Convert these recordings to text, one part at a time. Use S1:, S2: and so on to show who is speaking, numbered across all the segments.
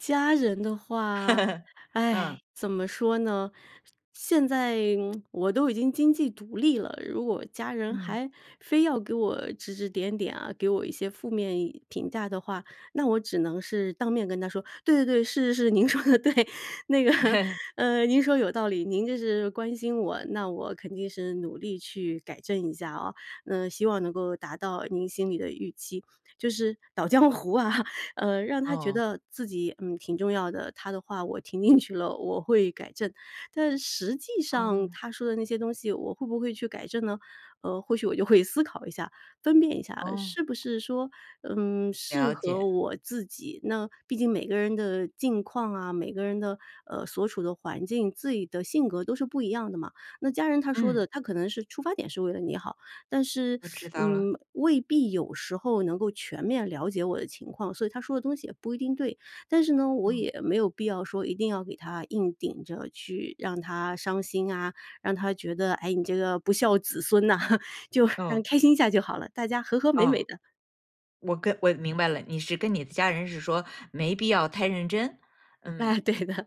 S1: 家人的话，
S2: 嗯。
S1: 唉，怎么说呢，现在我都已经经济独立了，如果家人
S2: 嗯。
S1: 还非要给我指指点点啊，给我一些负面评价的话，那我只能是当面跟他说：“对对对，是是是，您说的对，那个，嗯，您说有道理，您这是关心我，那我肯定是努力去改正一下哦，那希望能够达到您心里的预期。“就是捣糨糊啊，呃，让他觉
S2: 哦。
S1: 得自己，嗯，挺重要的，他的话我听进去了我会改正。但实际上
S2: 哦。
S1: 他说的那些东西我会不会去改正呢？呃，或许我就会思考一下，分辨一下，
S2: 哦。
S1: 是不是说，嗯，适
S2: 了解。
S1: 合我自己。那，毕竟每个人的境况啊，每个人的，呃，所处的环境，自己的性格都是不一样的嘛。那家人他说
S2: 嗯。
S1: 的，他可能是出发点是为了你好，但是，
S2: 我知道了。
S1: 嗯，未必有时候能够全面了解我的情况，所以他说的东西也不一定对。但是呢，我
S2: 嗯。
S1: 也没有必要说一定要给他硬顶着去让他伤心啊，让他觉得，哎，你这个不孝子孙呐，就让
S2: 哦。
S1: 开心一下就好了，大家和和美
S2: 哦。
S1: 美的。
S2: 我跟我明白了，你是跟你的家人是说没必要太认真，嗯。
S1: 哎对的。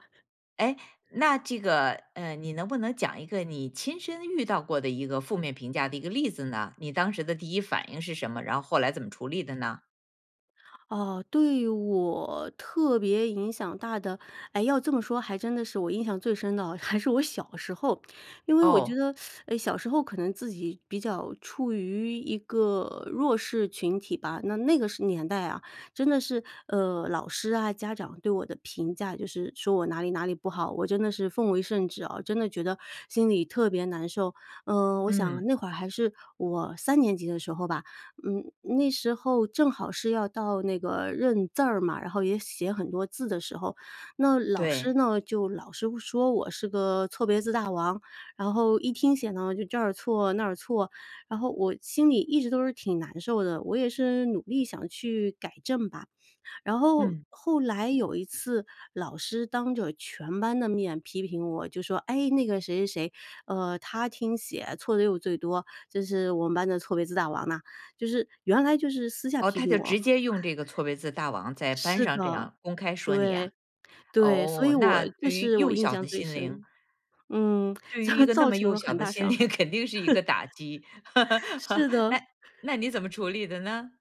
S2: 哎，那这个，嗯，你能不能讲一个你亲身遇到过的一个负面评价的一个例子呢？你当时的第一反应是什么？然后后来怎么处理的呢？
S1: 呃，对我特别影响大的，哎，要这么说还真的是我印象最深的，还是我小时候。因为我觉
S2: 哦。
S1: 得，诶，小时候可能自己比较处于一个弱势群体吧，那那个年代啊真的是，呃，老师啊家长对我的评价就是说我哪里哪里不好，我真的是奉为圣旨啊，真的觉得心里特别难受。呃，我想
S2: 嗯。
S1: 那会儿还是我三年级的时候吧，嗯，那时候正好是要到那个认字儿嘛，然后也写很多字的时候。那老
S2: 对。
S1: 师呢，就老是说我是个错别字大王，然后一听写呢就这儿错那儿错，然后我心里一直都是挺难受的，我也是努力想去改正吧。然后
S2: 嗯。
S1: 后来有一次老师当着全班的面批评我就说：“哎，那个谁谁谁，呃，她听写错的又最多，就是我们班的错别字大王嘛。“就是原来就是私下
S2: 哦，
S1: 批
S2: 他
S1: 评
S2: 就
S1: 我
S2: 直接用这个错别字大王在班
S1: 是
S2: 上这
S1: 的，
S2: 样公开说你啊？
S1: 对，对，所以
S2: 哦，
S1: 我
S2: 那
S1: 这
S2: 对于
S1: 是我
S2: 幼
S1: 印
S2: 小
S1: 象
S2: 的
S1: 最
S2: 心灵
S1: 深。嗯，
S2: 对于一个那
S1: 造
S2: 么
S1: 成
S2: 幼
S1: 了
S2: 小
S1: 很
S2: 的
S1: 大
S2: 心
S1: 伤
S2: 理，
S1: 害。
S2: 肯定是一个 打击。
S1: 是
S2: 那
S1: 的。
S2: 那你怎么处理的呢？